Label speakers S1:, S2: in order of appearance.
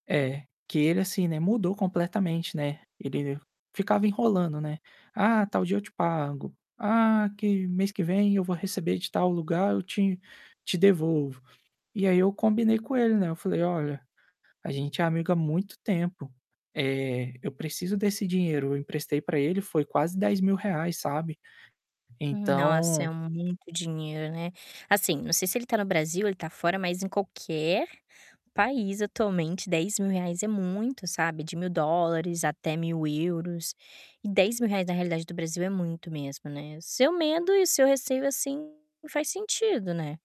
S1: É, que ele, assim, né, mudou completamente, né, ele ficava enrolando, né, "Ah, tal dia eu te pago.". "Ah, que mês que vem eu vou receber de tal lugar, eu te te devolvo.". E aí eu combinei com ele, né, eu falei: "Olha, a gente é amigo há muito tempo, eh, eu preciso desse dinheiro". Eu emprestei pra ele, foi quase R$ 10.000, sabe,
S2: Nossa, é
S1: então
S2: muito dinheiro, né. Assim, não sei se ele tá no Brasil, ele tá fora, mas em qualquer país, atualmente, R$ 10.000 é muito, sabe, de $1.000 até 1.000€. E R$ 10.000 na realidade do Brasil é muito mesmo, né. Seu medo e seu receio, assim, faz sentido, né.